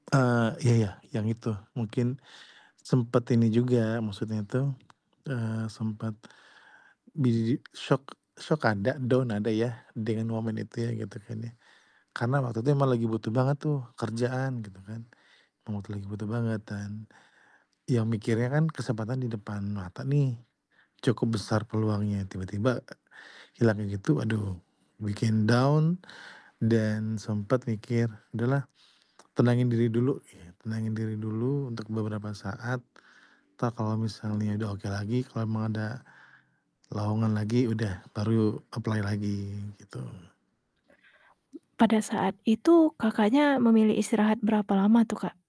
Eee, iya ya, yang itu mungkin sempet ini juga maksudnya itu, eee, sempet, bijiji syok syok ada, down ada ya, dengan momen itu ya gitu kan ya. Karena waktu itu emang lagi butuh banget tuh, kerjaan gitu kan. Emang waktu itu lagi butuh banget dan, ya mikirnya kan kesempatan di depan mata nih, cukup besar peluangnya, tiba-tiba, e hilangnya gitu aduh, bikin down dan sempet mikir, udahlah tenangin diri dulu git tenangin diri dulu untuk beberapa saat, entar kalau misalnya udah oke lagi, kalau emang ada lowongan lagi udah, baru apply lagi, gitu. Pada saat itu, Kakaknya memilih istirahat berapa lama tuh, Kak?